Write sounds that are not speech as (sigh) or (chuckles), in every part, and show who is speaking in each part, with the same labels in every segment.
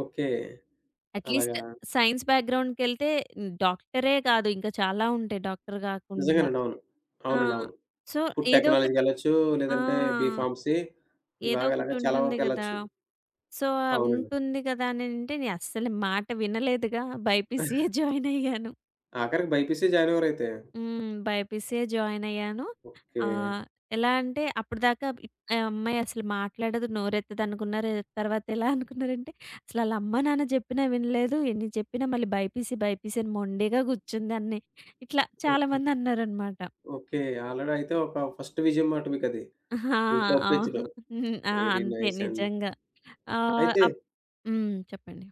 Speaker 1: Okay. అలాగా.
Speaker 2: At least science బ్యాక్‌‌గ్రౌండ్‌కెళ్తే డాక్టరె గాదు ఇంకా చాలా ఉంటాయి డాక్టర్ గాకుండా.
Speaker 1: నిజంగానండి. అవును.
Speaker 2: ఆ!
Speaker 1: అవునండి. అవును
Speaker 2: సో,
Speaker 1: ఫుడ్
Speaker 2: ఏదో ఒకటి
Speaker 1: టెక్నాలజీ‌కెళ్ళొచ్చు
Speaker 2: ఆ!
Speaker 1: లేదంటే, బి ఫార్మసీ ఇవా
Speaker 2: ఏదో
Speaker 1: ఇలాగ
Speaker 2: ఒకటి
Speaker 1: చాలా
Speaker 2: ఉంటుంది
Speaker 1: వరకు
Speaker 2: గదా,
Speaker 1: ఎళ్ళొచ్చు.
Speaker 2: సో, ఆ
Speaker 1: అవునండి.
Speaker 2: ఉంటుంది గదా అని అంటే, నేను అస్సలు మాట వినలేదుగా బైపీసియ్యే
Speaker 1: (chuckles)
Speaker 2: జాయినయ్యాను.
Speaker 1: ఆఖరికి బైపీసీ జాయినవ్వారయితే.
Speaker 2: హ్మ్. బైపీసిసే జాయినయ్యాను.
Speaker 1: ఓకే.
Speaker 2: ఆహ్, ఎలా అంటే, అప్పడదాకా ఆ అమ్మాయి అసలు మాట్లాడదు నోరెత్తదనుకున్నారు తర్వాత ఎలా అనుకున్నారంటే అసలు ఆళ్ళ అమ్మా-నాన్న జెప్పినా వినలేదు ఎన్ని జెప్పినా మళ్ళీ బైపీసీ బైపీసీ అని మొండిగా గూర్చుంది అని ఇట్లా
Speaker 1: ఓకే.
Speaker 2: చాలామంది అన్నారనమాట.
Speaker 1: ఓకే. ఆల్రెడీ అయితే ఒక ఫస్ట్ విజయం మాట మీకు అది.
Speaker 2: (chuckles) ఆ!
Speaker 1: ఇంట్లో
Speaker 2: అవును.
Speaker 1: ఒప్పించడం.
Speaker 2: హ్మ్. ఆ!
Speaker 1: వెరీ
Speaker 2: అంతే
Speaker 1: నైసండి.
Speaker 2: నిజంగా ఆహ్,
Speaker 1: అయితే
Speaker 2: అప్ హ్మ్. చెప్పండి.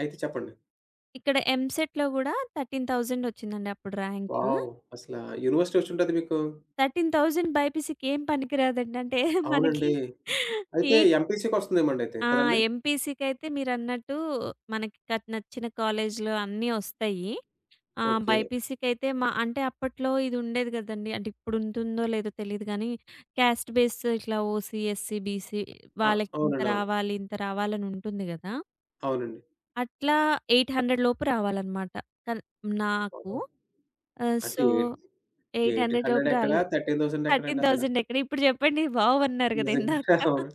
Speaker 1: అయితే చెప్పండి.
Speaker 2: ఇక్కడ ఎంసెట్‌లో గూడా 13,000 ఒచ్చిందండి అప్పుడు ర్యాంకు.
Speaker 1: వావ్! అసలా యూనివర్సిటీ ఒచ్చి ఉంటది మీకు?
Speaker 2: 13,000 బైపీసీ‌కేం పనికి రాదండి అంటే మనకి
Speaker 1: అవునండి. అయితే
Speaker 2: ఎయిట్
Speaker 1: ఎంపీసీ‌కొస్తుందేమో అయితే.
Speaker 2: ఆ!
Speaker 1: కదండీ?
Speaker 2: ఎంపీసీకైతే మీరన్నట్టు మనకి క నచ్చిన కాలేజీలు అన్నీ ఒస్తాయి. ఆహ్,
Speaker 1: ఓకే.
Speaker 2: బైపీసీ‌కైతే మా అంటే అప్పట్లో ఇది ఉండేది గదండీ అంటే ఇప్పుడు ఉంటుందో లేదో తెలీదు గానీ క్యాస్ట్ బేస్ ఇట్లా ఓసీ ఎస్సీ బీసీ
Speaker 1: అ
Speaker 2: వాళ్ళకి ఇంత
Speaker 1: అవునండి. అవును.
Speaker 2: రావాలి ఇంత రావాలనుంటుంది గదా.
Speaker 1: అవునండి.
Speaker 2: అట్లా 800 లోపు రావాలన్నమాట. కన్ నాకు.
Speaker 1: బాబోయ్!
Speaker 2: ఆహ్,
Speaker 1: అంటే
Speaker 2: so,
Speaker 1: eight
Speaker 2: eight
Speaker 1: eight
Speaker 2: hundred‌ లోపు
Speaker 1: హండ్రెడెక్కడ
Speaker 2: రాలేదు.
Speaker 1: థర్టీన్ థౌసండెక్కడ
Speaker 2: థర్టీన్
Speaker 1: అండి అసలా?
Speaker 2: థౌసండ్ ఎక్కడ ఇప్పుడు జెప్పండి వావ్! అన్నారు గదా
Speaker 1: నిజంగా
Speaker 2: ఇందాక.
Speaker 1: అవును,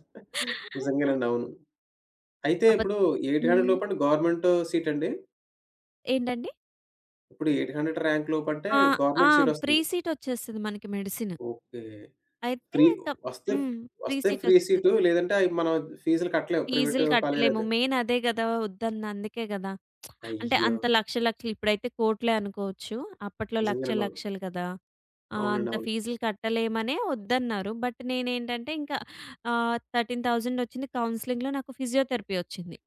Speaker 1: నిజంగానండి అవును. అయితే
Speaker 2: అబద్ధ
Speaker 1: ఇప్పుడు 800
Speaker 2: హ్మ్.
Speaker 1: లోపండి గవర్నమెంటు సీటండి?
Speaker 2: ఏంటండి?
Speaker 1: ఇప్పుడు 800 రాంక్‌లోపంటే
Speaker 2: ఆ! ఆ!
Speaker 1: Government
Speaker 2: free
Speaker 1: సీటొస్తుంది.
Speaker 2: సీట్ ఒచ్చేస్తది మనకి మెడిసిన్.
Speaker 1: ఓకే.
Speaker 2: అయితే
Speaker 1: ఫ్రీ
Speaker 2: తప్
Speaker 1: వస్తే,
Speaker 2: హ్మ్. ఫ్రీ
Speaker 1: వస్తే
Speaker 2: సీట్
Speaker 1: ఫ్రీ
Speaker 2: ఒస్తది.
Speaker 1: సీటు, లేదంటే అయి మనం ఫీజ్‌లు కట్టలేము ప్రైవేట్
Speaker 2: ఫీజ్‌లు
Speaker 1: కాలేజ్‌లో
Speaker 2: కట్టలేము
Speaker 1: అయితే.
Speaker 2: మెయిన్ అదే గదా! ఒద్దన్నది అందుకే గదా! (smacks lips) అంటే
Speaker 1: అయ్యో!
Speaker 2: అంత లక్షలు లక్షలు ఇప్పుడైతే కోట్లే అనుకోవచ్చు. అప్పట్లో
Speaker 1: నిజంగానండి
Speaker 2: లక్షలు
Speaker 1: బాబు.
Speaker 2: లక్షలు గదా! ఆ!
Speaker 1: అవునండి.
Speaker 2: అంత
Speaker 1: అవును.
Speaker 2: ఫీజ్‌లు కట్టలేమనే ఒద్దన్నారు. బట్ నేనేంటంటే ఇంక ఆహ్, 13000 ఒచ్చింది కౌన్సెలింగ్‌లో నాకు ఫిజియోథెరపీ ఒచ్చింది.